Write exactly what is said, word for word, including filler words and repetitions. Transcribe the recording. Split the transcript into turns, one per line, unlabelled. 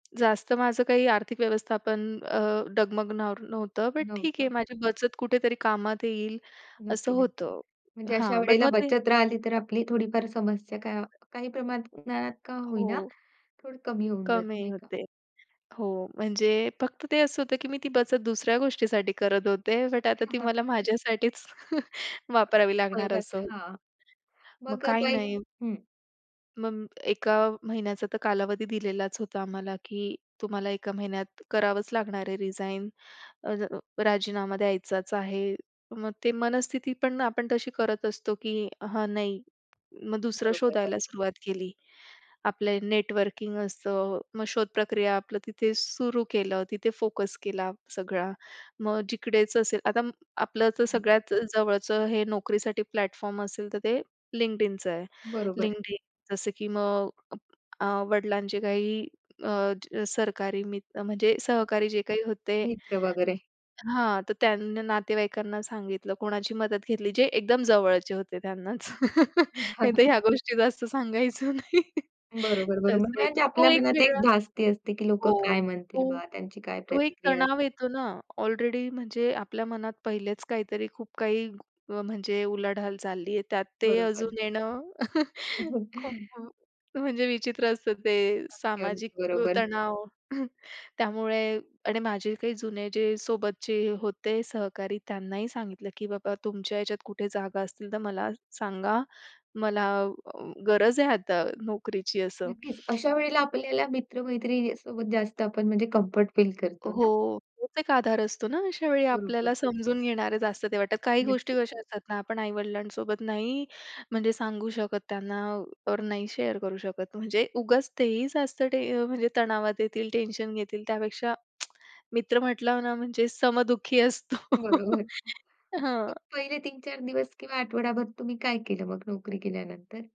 जास्त माझं काही आर्थिक व्यवस्थापन अ, डगमगनॉर नव्हतं, बट ठीक आहे
नव्हतं.
माझी बचत कुठेतरी कामात येईल असं
नक्की, नक्की.
होतं.
म्हणजे अशा
हां, बट
वेळेला
मग ते
बचत राहिली, तर आपली थोडीफार समस्या का
[unintelligible]
काही प्रमाणात का होईना,
हो.
थोडं कमी होऊन जाते
कमी
नाही का.
होते. हो, म्हणजे फक्त ते असं होतं, की मी ती बचत दुसऱ्या गोष्टीसाठी करत होते, बट आता ती मला माझ्यासाठीच वापरावी लागणार
उपयोगात
असं.
हां,
मग
मग अ,
काही नाही.
पैसे हं.
मग एका महिन्याचा तर कालावधी दिलेलाच होता आम्हाला, की तुम्हाला एका महिन्यात करावंच लागणार आहे रीजाईन अ, ज राजीनामा द्यायचाच आहे. मग ते मनस्थिती पण आपण तशी करत असतो, की हा नाही, मग दुसरं
बरोबर,
शोधायला
बरोबर.
सुरुवात केली. आपलं नेटवर्किंग असतं, मग शोधप्रक्रिया आपलं तिथे सुरू केलं, तिथे फोकस केला सगळा. मग जिकडेच असेल, आता आपलं तर
हं, हं.
सगळ्यात जवळचं हे नोकरीसाठी प्लॅटफॉर्म असेल, तर ते LinkedInचं आहे.
बरोबर आहे.
LinkedIn जसं की मग अ, वडिलांचे काही अ, सरकारी मित्र म्हणजे सहकारी जे काही होते
मित्र वगैरे.
हां, तर त्यांनी नातेवाईकांना सांगितलं, कोणाची मदत घेतली, जे एकदम जवळचे होते त्यांनाच नाहीतर
[unintelligible]
ह्या गोष्टी जास्त सांगायचं नाही.
बरोबर, बरोबर.
तसंही
म्हणजे
तो
आपल्या
एक
मनात एक
वेगळा
धास्ती असते, की लोकं
हो,
काय म्हणतील
तो
बा, त्यांची काय
तो एक
प्रतिक्रिया असते?
तणाव येतो ना, ऑलरेडी म्हणजे आपल्या मनात पहिलेच काहीतरी खूप काही म्हणजे उलाढाल चालली आहे, त्यात ते
बरोबर.
अजून येणं,
हो.
खूप अ, म्हणजे विचित्र असतं ते
अगदी, अगदी
सामाजिक
बरोबर.
तणाव. त्यामुळे आणि माझे काही जुने जे सोबतचे होते सहकारी त्यांनाही सांगितलं, की "बाबा तुमच्या ह्याच्यात कुठे जागा असतील तर मला सांगा, मला अ, गरज आहे आता नोकरीची" असं.
नक्कीच, अशा वेळेला आपल्याला मित्र-मैत्रिणीसोबत जास्त आपण म्हणजे कम्फर्ट फील करतो ना?
हो, तोच एक आधार असतो ना अशा वेळी
बरोबर.
आपल्याला समजून घेणारे जास्त ते वाटतं, काही गोष्टी
नक्कीच.
कशा असतात ना, आपण आई-वडिलांसोबत नाही म्हणजे सांगू शकत, त्यांना वर नाही शेअर करू शकत, म्हणजे उगाच ते ही जास्त टे अ, म्हणजे तणावात येतील, टेन्शन घेतील, त्यापेक्षा मित्र म्हटलं ना, म्हणजे समदुःखी असतो.
बरोबर. मग
हां.
पहिले तीन चार दिवस किंवा आठवडाभर तुम्ही काय केलं मग नोकरी गेल्यानंतर?